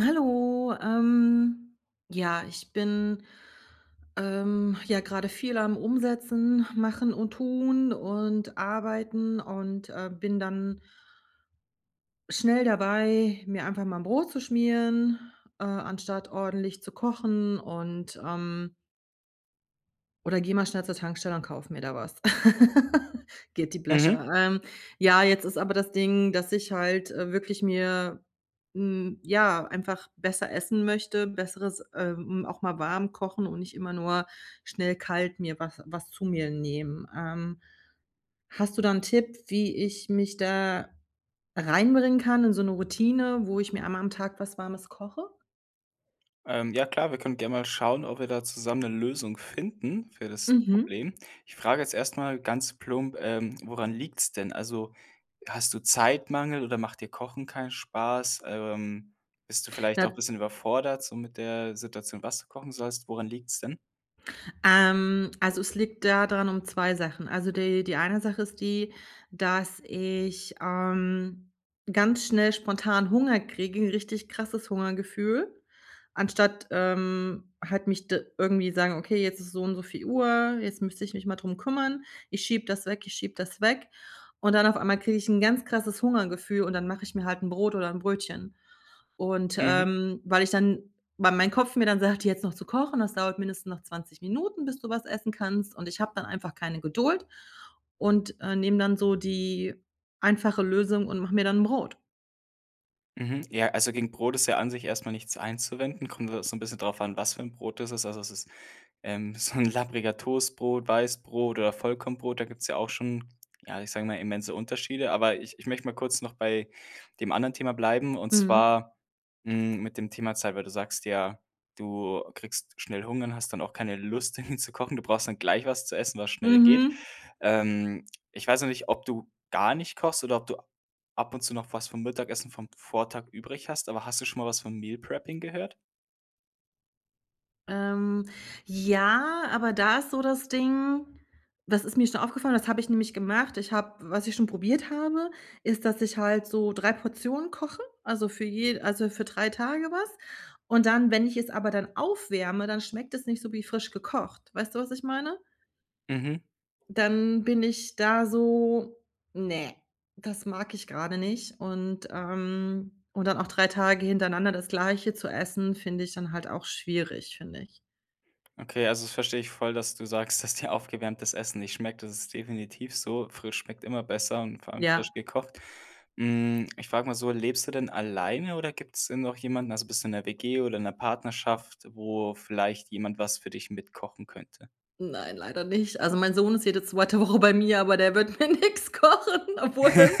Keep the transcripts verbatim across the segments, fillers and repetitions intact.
Hallo. Ähm, ja, ich bin, ähm, ja, grade viel am Umsetzen, Machen und Tun und Arbeiten und, äh, bin dann schnell dabei, mir einfach mal 'n Brot zu schmieren, äh, anstatt ordentlich zu kochen. Und, ähm oder gehe mal schnell zur Tankstelle und kaufe mir da was. Guilty Mhm. pleasure, ähm, ja, jetzt ist aber das Ding, dass ich halt, äh, wirklich mir hm, ja, einfach besser essen möchte. Besseres, äh, hm auch mal warm kochen und nicht immer nur schnell kalt mir was was zu mir nehmen. Ähm, hast du da 'n Tipp, wie ich mich da reinbringen kann, in so 'ne Routine, wo ich mir einmal am Tag was Warmes koche? Ähm. Ja, klar. Wir können gerne mal schauen, ob wir da zusammen 'ne Lösung finden, für das Problem. Mhm. Ich frage jetzt erstmal ganz plump, ähm, woran liegt's denn? Also, hast du Zeitmangel oder macht dir Kochen keinen Spaß? Ähm, bist du vielleicht auch 'n Na bisschen überfordert so mit der Situation, was du kochen sollst? Woran liegt's denn? Ähm, also es liegt da dran um zwei Sachen. Also, die die eine Sache ist die, dass ich, ähm, ganz schnell spontan Hunger kriege, richtig krasses Hungergefühl. Anstatt, ähm, halt mich da irgendwie sagen: „Okay, jetzt ist es so und so viel Uhr, jetzt müsste ich mich mal drum kümmern.“ Ich schiebe das weg, ich schiebe das weg. Und dann auf einmal kriege ich 'n ganz krasses Hungergefühl und dann mache ich mir halt 'n Brot oder 'n Brötchen. Und, Mhm. ähm, weil ich dann weil mein Kopf mir dann sagt: „Jetzt noch zu kochen, das dauert mindestens noch zwanzig Minuten, bis du was essen kannst.“ Und ich habe dann einfach keine Geduld und, äh, nehme dann so die einfache Lösung und mache mir dann 'n Brot. Mhm. Ja, also gegen Brot ist ja an sich erstmal nichts einzuwenden. Kommt ja so 'n bisschen darauf an, was für 'n Brot es ist. Also es ist, ähm, so 'n labbriger Toastbrot, Weißbrot oder Vollkornbrot. Da gibt's ja auch schon, ja, ich sage mal, immense Unterschiede. Aber ich ich möchte mal kurz noch bei dem anderen Thema bleiben. Und Mhm. zwar, hm, mit dem Thema Zeit. Weil du sagst ja, du kriegst schnell Hunger und hast dann auch keine Lust dann zu kochen. Du brauchst dann gleich was zu essen, was schnell geht. Mhm. Ähm, ich weiß noch nicht ob du gar nicht kochst oder ob du ab und zu noch was vom Mittagessen vom Vortag übrig hast? Aber hast du schon mal was vom Meal-Prepping gehört? Ähm, ja, aber da ist so das Ding, das ist mir schon aufgefallen, das habe ich nämlich gemacht. Ich habe was ich schon probiert habe, ist, dass ich halt so drei Portionen koche, also für je also für drei Tage was. Und dann, wenn ich es aber dann aufwärme, dann schmeckt das nicht so wie frisch gekocht. Weißt du, was ich meine? Mhm. Dann bin ich da so: „Ne, das mag ich gerade nicht.“ Und, ähm und dann auch drei Tage hintereinander das Gleiche zu essen, finde ich dann halt auch schwierig, finde ich. Okay, also das verstehe ich voll, dass du sagst, dass dir aufgewärmtes Essen nicht schmeckt, das ist definitiv so, frisch schmeckt immer besser, und vor allem Ja. frisch gekocht. Hm, ich frage mal so: „Lebst du denn alleine oder gibt's denn noch jemanden, also bist du in 'ner WG oder in 'ner Partnerschaft, wo vielleicht jemand was für dich mitkochen könnte?“ Nein, leider nicht. Also mein Sohn ist jede zweite Woche bei mir, aber der wird mir nix kochen, obwohl das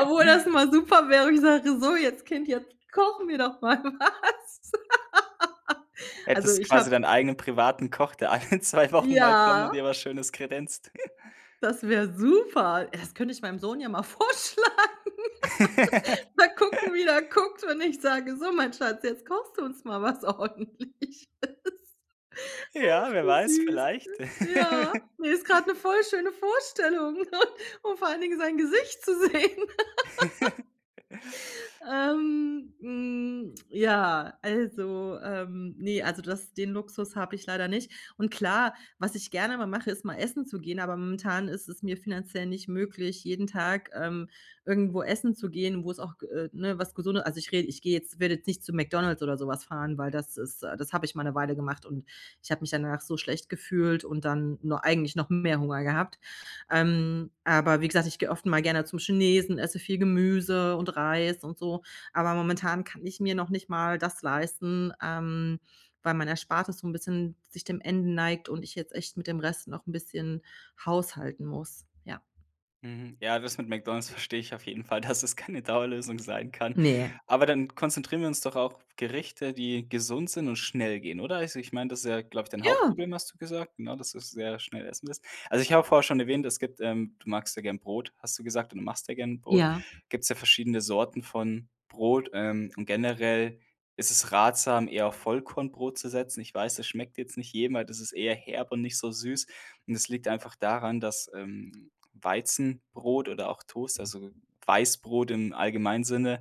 obwohl das mal super wäre, ich sage: „So, jetzt Kind jetzt kochen wir doch mal was.“ Also, Hättest ich quasi habe deinen eigenen privaten Koch, der alle zwei Wochen mal kommt und ja. dir was Schönes kredenzt. Das wäre super. Äh, das könnte ich meinem Sohn ja mal vorschlagen. Mal gucken, wie der guckt, wenn ich sage: „So, mein Schatz, jetzt kochst du uns mal was ordentliches.“ Ach, Ja, wer wie weiß, süß. vielleicht. Ja, ne, ist grad 'ne voll schöne Vorstellung, und vor allen Dingen sein Gesicht zu sehen. Ähm, hm, ja, also, ähm, ne, also das den Luxus habe ich leider nicht. Und klar, was ich gerne mal mache, ist mal essen zu gehen, aber momentan ist es mir finanziell nicht möglich, jeden Tag, ähm, irgendwo essen zu gehen, wo es auch, g äh, ne, was Gesunde also ich rede ich gehe jetzt werde jetzt nicht zu McDonald's oder sowas fahren, weil das ist äh, das habe ich mal 'ne Weile gemacht und ich habe mich danach so schlecht gefühlt und dann nur eigentlich noch mehr Hunger gehabt, ähm, aber wie gesagt, ich gehe oft mal gerne zum Chinesen, esse viel Gemüse und Reis und so, aber momentan kann ich mir noch nicht mal das leisten, ähm, weil mein Erspartes so 'n bisschen sich dem Ende neigt und ich jetzt echt mit dem Rest noch 'n bisschen haushalten muss. Ja. Mhm, ja, das mit McDonalds verstehe ich auf jeden Fall, dass es keine Dauerlösung sein kann. Ne. Aber dann konzentrieren wir uns doch auf Gerichte, die gesund sind und schnell gehen, oder? Also ich meine, das ist, glaube ich, dein Ja. Hauptproblem, hast du gesagt, ne, dass du sehr schnell essen willst. Also, ich habe vorher schon erwähnt, es gibt, ähm du magst ja gerne Brot, hast du gesagt, und du machst ja gerne 'n Brot. Ja. Gibt's ja verschiedene Sorten von Brot, ähm, und generell ist es ratsam, eher auf Vollkornbrot zu setzen. Ich weiß, das schmeckt jetzt nicht jedem, weil das ist eher herb und nicht so süß. Und es liegt einfach daran, dass, ähm, Weizenbrot oder auch Toast also Weißbrot im allgemeinen Sinne,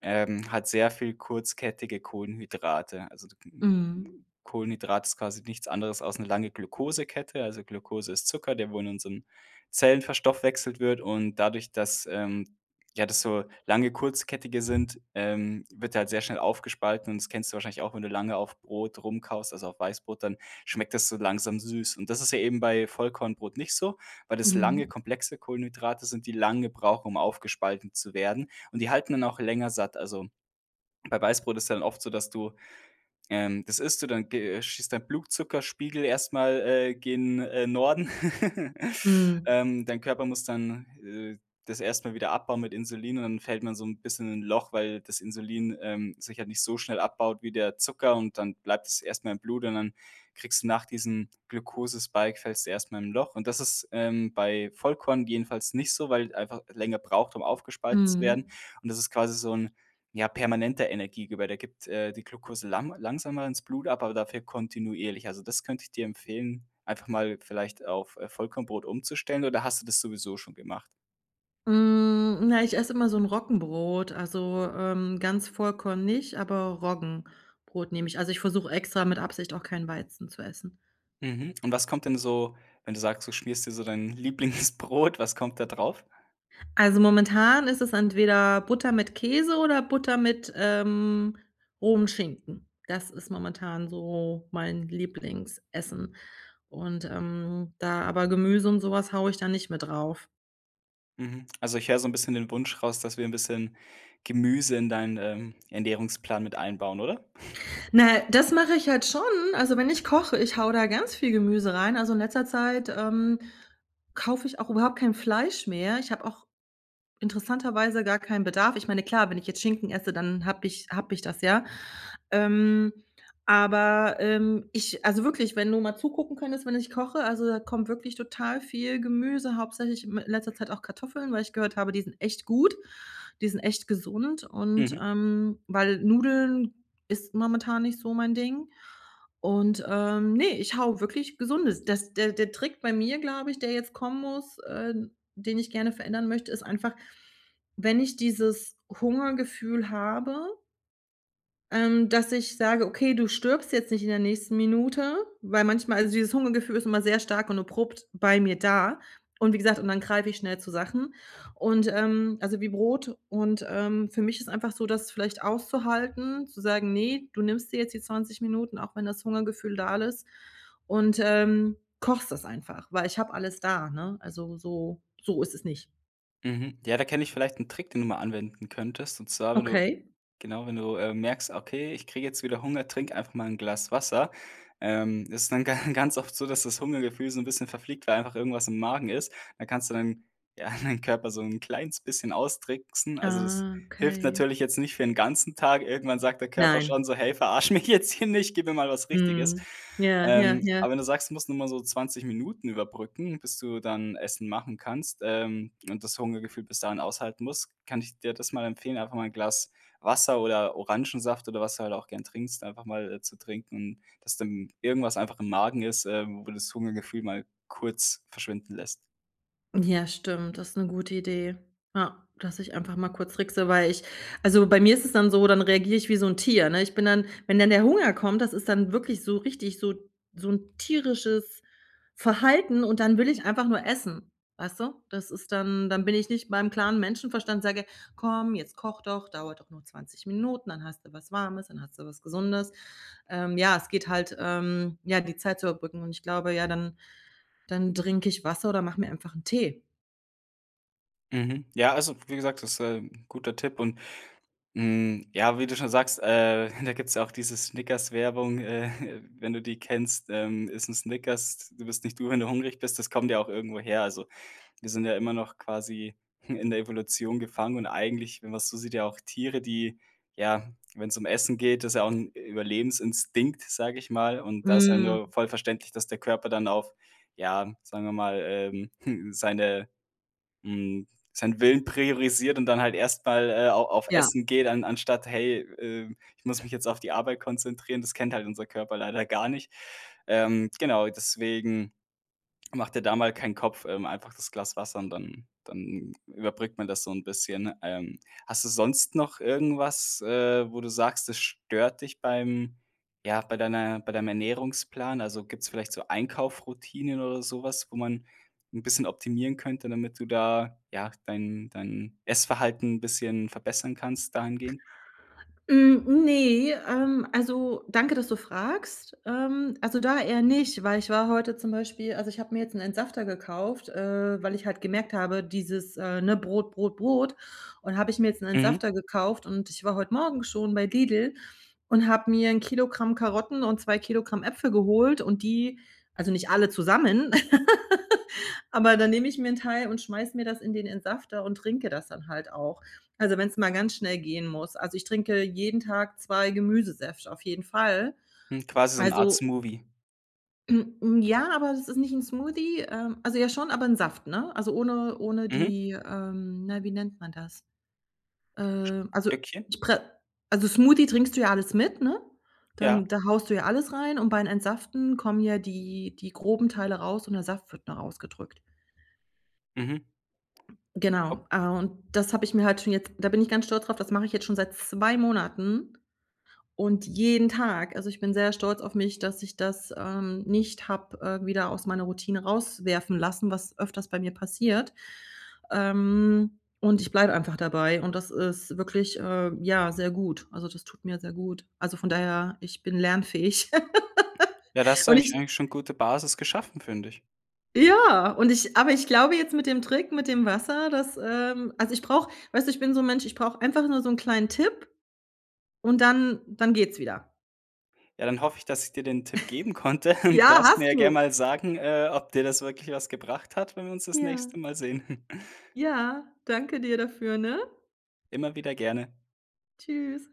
ähm, hat sehr viel kurzkettige Kohlenhydrate. Also k hm, Mhm. Kohlenhydrat ist quasi nichts anderes als 'ne lange Glukosekette. Also Glukose ist Zucker, der wo in unserem Zellen verstoffwechselt wird und dadurch, dass, ähm, ja, das so lange kurzkettige sind, ähm, wird der halt sehr schnell aufgespalten und das kennst du wahrscheinlich auch, wenn du lange auf Brot rumkaust, also auf Weißbrot, dann schmeckt das so langsam süß. Und das ist ja eben bei Vollkornbrot nicht so, weil das lange, Mhm. komplexe Kohlenhydrate sind, die lange brauchen, um aufgespalten zu werden und die halten dann auch länger satt. Also, bei Weißbrot ist ja dann oft so, dass du, ähm das isst du dann ge schießt dein Blutzuckerspiegel erstmal, äh, gen, äh, Norden. Mhm. Ähm, dein Körper muss dann, äh, das erstmal wieder abbauen mit Insulin und dann fällt man so 'n bisschen in 'n Loch, weil das Insulin, ähm, sich halt nicht so schnell abbaut wie der Zucker und dann bleibt es erstmal im Blut und dann kriegst du nach diesem Glukose-Spike fällst du erstmal in 'n Loch. Und, das ist, ähm, bei Vollkorn jedenfalls nicht so, weil einfach länger braucht, um aufgespaltet zu werden Mhm. und das ist quasi so 'n, ja, permanente Energiegeber, da gibt, äh, die Glukose lang langsamer ins Blut ab, aber dafür kontinuierlich. Also, das könnte ich dir empfehlen, einfach mal vielleicht auf, äh, Vollkornbrot umzustellen, oder hast du das sowieso schon gemacht? Hm, na, ich esse immer so 'n Roggenbrot, also, ähm, ganz Vollkorn nicht, aber Roggenbrot nehme ich. Also, ich versuche extra mit Absicht auch kein Weizen zu essen. Mhm, und was kommt denn so, wenn du sagst, du schmierst dir so dein Lieblingsbrot, was kommt da drauf? Also, momentan ist es entweder Butter mit Käse oder Butter mit, ähm, rohem Schinken. Das ist momentan so mein Lieblingsessen. Und, ähm, da aber Gemüse und sowas haue ich da nicht mit drauf. Mhm, also ich höre so 'n bisschen den Wunsch raus, dass wir 'n bisschen Gemüse in deinen, ähm, Ernährungsplan mit einbauen, oder? Na, das mache ich halt schon. Also, wenn ich koche, ich haue da ganz viel Gemüse rein. Also, in letzter Zeit, ähm, kaufe ich auch überhaupt kein Fleisch mehr. Ich habe auch interessanterweise gar keinen Bedarf. Ich meine, klar, wenn ich jetzt Schinken esse, dann habe ich habe ich das, ja. Ähm, aber, ähm, ich also wirklich, wenn du mal zugucken könntest, wenn ich koche, also, da kommt wirklich total viel Gemüse, hauptsächlich m in letzter Zeit auch Kartoffeln, weil ich gehört habe, die sind echt gut. Die sind echt gesund und, Mhm. ähm, weil Nudeln ist momentan nicht so mein Ding. Und, ähm, ne, ich haue wirklich Gesundes das der der Trick bei mir, glaube ich, der jetzt kommen muss äh, den ich gerne verändern möchte, ist einfach, wenn ich dieses Hungergefühl habe Ähm, dass ich sage: „Okay, du stirbst jetzt nicht in der nächsten Minute“, weil manchmal also dieses Hungergefühl ist immer sehr stark und abrupt bei mir da und wie gesagt und dann greife ich schnell zu Sachen. Und, ähm also wie Brot, und, ähm, für mich ist einfach so, das vielleicht auszuhalten zu sagen: „Ne, du nimmst dir jetzt die zwanzig Minuten, auch wenn das Hungergefühl da ist und, ähm, kochst das einfach“, weil ich habe alles da, ne, also so so ist es nicht. Mhm. Ja, da kenne ich vielleicht 'n Trick, den du mal anwenden könntest. Und zwar, wenn du Okay. genau, wenn du, äh, merkst: „Okay, ich kriege jetzt wieder Hunger“, trinke einfach mal 'n Glas Wasser, ähm, das ist dann ga ganz oft so, dass das Hungergefühl so 'n bisschen verfliegt, weil einfach irgendwas im Magen ist, dann kannst du dann ja deinen Körper so 'n kleines bisschen austricksen. Also, es Ah, hilft okay. natürlich jetzt nicht für 'n ganzen Tag. Irgendwann sagt der Körper Nein. schon so: „Hey, verarsch mich jetzt hier nicht, gib mir mal was Richtiges.“ Mhm. Ja, ja, Ähm, ja. aber wenn du sagst, du musst nur mal so zwanzig Minuten überbrücken, bis du dann Essen machen kannst, ähm, und das Hungergefühl bis dahin aushalten musst, kann ich dir das mal empfehlen, einfach mal 'n Glas Wasser oder Orangensaft oder was du halt auch gern trinkst, einfach mal, äh, zu trinken und dass dann irgendwas einfach im Magen ist, äh, wo das Hungergefühl mal kurz verschwinden lässt. Ja, stimmt. Das 'ne gute Idee. Ja, dass ich einfach mal kurz trickse, weil ich also, bei mir ist es dann so, dann reagiere ich wie so 'n Tier, ne? Ich bin dann wenn dann der Hunger kommt, das ist dann wirklich so richtig so so 'n tierisches Verhalten. Und dann will ich einfach nur essen, weißt du? Das ist dann dann bin ich nicht beim klaren Menschenverstand sage: „Komm, jetzt koch doch. Dauert doch nur zwanzig Minuten. Dann hast du was Warmes. Dann hast du was Gesundes.“ Ähm, ja, es geht halt, ähm, ja, die Zeit zu überbrücken. Und ich glaube, ja, dann dann trinke ich Wasser oder mache mir einfach 'n Tee. Mhm. Ja, also, wie gesagt, das, äh, 'n guter Tipp und, hm, ja, wie du schon sagst, äh, da gibt's ja auch diese Snickers-Werbung, äh, wenn du die kennst, ähm: „Iss 'n Snickers, du bist nicht du, wenn du hungrig bist.“ Das kommt ja auch irgendwo her. Also, wir sind ja immer noch quasi in der Evolution gefangen. Und eigentlich, wenn man's so sieht, ja auch Tiere, die ja, wenn's um Essen geht das ist ja auch 'n Überlebensinstinkt, sage ich mal. Und da ist ja Mhm. nur voll verständlich, dass der Körper dann auf, ja, sagen wir mal, ähm, seine, hm, seinen Willen priorisiert und dann halt erst mal, äh, au auf Ja. Essen geht, an anstatt: „Hey, ähm, ich muss mich jetzt auf die Arbeit konzentrieren.“ Das kennt halt unser Körper leider gar nicht. Ähm, genau, deswegen, mach dir da mal keinen Kopf, ähm, einfach das Glas Wasser und dann dann überbrückt man das so 'n bisschen. Ähm, hast du sonst noch irgendwas, äh, wo du sagst, es stört dich beim ja, bei deiner bei deinem Ernährungsplan? Also, gibt's vielleicht so Einkaufsroutinen oder sowas, wo man 'n bisschen optimieren könnte, damit du da, ja, dein dein Essverhalten 'n bisschen verbessern kannst dahingehend? Hm, ne, ähm, also danke, dass du fragst. Ähm, also da eher nicht, weil ich war heute zum Beispiel also ich habe mir jetzt 'n Entsafter gekauft, äh, weil ich halt gemerkt habe, dieses, äh, ne, Brot, Brot, Brot und habe ich mir jetzt 'n Mhm. Entsafter gekauft und ich war heute Morgen schon bei Lidl und habe mir 'n Kilogramm Karotten und zwei Kilogramm Äpfel geholt und die also nicht alle zusammen. Aber dann nehme ich mir 'n Teil und schmeiße mir das in den Entsafter und trinke das dann halt auch. Also, wenn es mal ganz schnell gehen muss. Also, ich trinke jeden Tag zwei Gemüsesäfte auf jeden Fall. Hm, quasi so 'n Art Also Smoothie. Hm, ja, aber das ist nicht 'n Smoothie. Ähm, also ja, schon, aber 'n Saft, ne? Also ohne ohne Mhm. die, ähm, na wie nennt man das? Ähm, also Stückchen? ich pre also Smoothie trinkst du ja alles mit, ne? Ja. Dann da haust du ja alles rein und beim Entsaften kommen ja die die groben Teile raus und der Saft wird nur ausgedrückt. Mhm. Genau. Ob Äh, und das habe ich mir halt schon jetzt da bin ich ganz stolz drauf, das mache ich jetzt schon seit zwei Monaten. Und jeden Tag, also, ich bin sehr stolz auf mich, dass ich das, ähm, nicht habe, äh, wieder aus meiner Routine rauswerfen lassen, was öfters bei mir passiert. Ähm, und ich bleibe einfach dabei. Und das ist wirklich, ähm, ja, sehr gut. Also, das tut mir sehr gut. Also, von daher, ich bin lernfähig. Ja, das hast du Und eigentlich ich eigentlich schon gute Basis geschaffen, finde ich. Ja! Und ich aber ich glaube jetzt mit dem Trick mit dem Wasser, dass, ähm also ich brauche weißt du, ich bin so 'n Mensch, ich brauche einfach nur so 'n kleinen Tipp und dann dann geht's wieder. Ja, dann hoffe ich, dass ich dir den Tipp geben konnte, und Ja, darfst mir hast ja gern du! mal sagen, äh, ob dir das wirklich was gebracht hat, wenn wir uns das Ja. nächste Mal sehen. Ja, danke dir dafür, ne? Immer wieder gerne. Tschüss.